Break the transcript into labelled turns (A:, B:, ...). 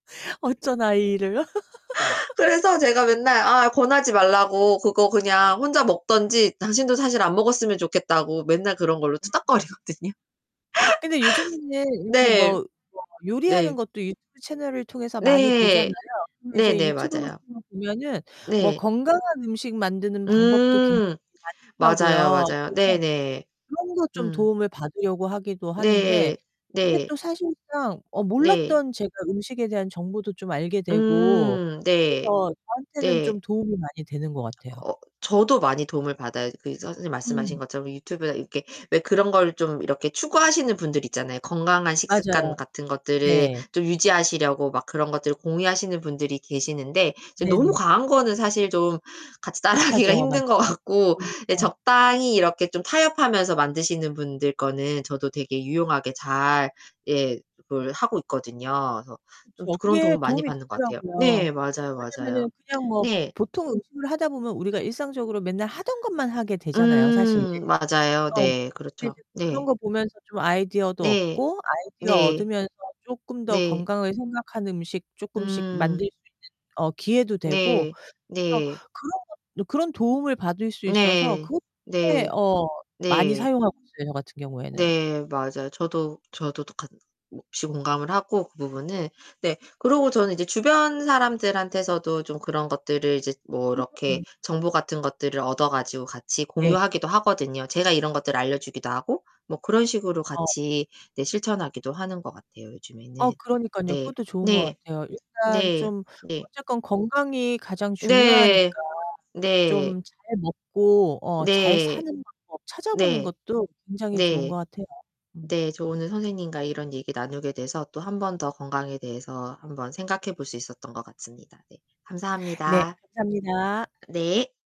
A: 어쩌나 이 일을?
B: 그래서 제가 맨날 아 권하지 말라고 그거 그냥 혼자 먹든지 당신도 사실 안 먹었으면 좋겠다고 맨날 그런 걸로
A: [unintelligible]
B: 투닥거리거든요.
A: 근데 요즘에 이렇게
B: 네.
A: 뭐 뭐 요리하는
B: 네.
A: 것도 유튜브 채널을 통해서 많이 보잖아요.
B: 네.
A: 그럼 이제
B: 네네
A: 유튜브
B: 맞아요.
A: 같은 거 보면은 뭐
B: 네.
A: 건강한 음식 만드는 방법도 굉장히
B: 음. 맞아요,
A: 많더라고요.
B: 맞아요. 네
A: 그래서
B: 네.
A: 그런 거 좀
B: 음.
A: 도움을 받으려고 하기도 하는데
B: 네.
A: 이게
B: 네.
A: 또 사실상 어
B: 네.
A: 몰랐던 제가 음식에 대한 정보도 좀 알게 되고
B: 음 네.
A: 그래서 저한테는
B: 네.
A: 좀 도움이 많이 되는 것 같아요.
B: 어 저도 많이 도움을 받아요. 그 이 선생님 말씀하신
A: 음.
B: 것처럼 유튜브나 이렇게 왜 그런 걸 좀 이렇게 추구하시는 분들 있잖아요. 건강한
A: 맞아요.
B: 식습관 같은 것들을
A: 네.
B: 좀 유지하시려고 막 그런 것들을 공유하시는 분들이 계시는데 이제
A: 네 네.
B: 너무 과한 거는 사실 좀 같이 따라하기가
A: 못하죠. 맞아요.
B: 힘든 것 같고
A: 음.
B: 예
A: 어.
B: 적당히 이렇게 좀 타협하면서 만드시는 분들 거는 저도 되게 유용하게 잘 예 그걸 하고 있거든요. 그래서 좀
A: 그쵸.
B: 그런
A: 그게
B: 도움 많이
A: 도움이
B: 받는 것 같아요.
A: 되더라고요.
B: 네. 맞아요, 맞아요.
A: 왜냐면은 냥 뭐
B: 네.
A: 보통 음식을 하다 보면 우리가 일상적으로 맨날 하던 것만 하게 되잖아요, 사실.
B: 음 맞아요.
A: 어.
B: 네
A: 근데
B: 그렇죠.
A: 그런
B: 네.
A: 거 보면서 좀 아이디어도
B: 네.
A: 얻고 아이디어
B: 네.
A: 얻으면서 쪼끔 더
B: 네.
A: 건강을 생각하는 음식 쪼끔씩
B: 음.
A: 만들 수 있는 어 기회도 되고
B: 네.
A: 그래서
B: 네.
A: 그런 거를 그런 도움을 받을 수 있어서
B: 네.
A: 그렇게
B: 네.
A: 어 많이
B: 네.
A: 사용하고 있어요, 저 같은 경우에는.
B: 네 맞아요. 저도, 저도 똑같 [unintelligible] 이 공감을 하고 그 부분은 네. 그리고 저는 이제 주변 사람들한테서도 좀 그런 것들을 이제 뭐 이렇게
A: [unintelligible]
B: 정보 같은 것들을 얻어 가지고 같이
A: 네.
B: 공유하기도 하거든요. 제가 이런 것들을 알려주기도 하고 뭐 그런 식으로
A: 어.
B: 같이 네 실천하기도 하는 것 같아요,
A: 어
B: 요즘에는.
A: 그러니깐요.
B: 네.
A: 그것도 좋은 것
B: 네.
A: 같아요. 일단
B: 네.
A: 좀
B: 네.
A: 어쨌건 건강이 가장
B: 네.
A: 중요하니까
B: 네.
A: 좀 잘 먹고 어 잘
B: 네.
A: 사는 방법 찾아보는
B: 네.
A: 것도 굉장히 좋은 것
B: 네.
A: 같아요. 음.
B: 네 저 오늘 선생님과 이런 얘기 나누게 돼서 또 1 번 더 건강에 대해서 1 번 생각해 볼 수 있었던 것 같습니다. 네.
A: 네.
B: 감사합니다.
A: 감사합니다.
B: 네.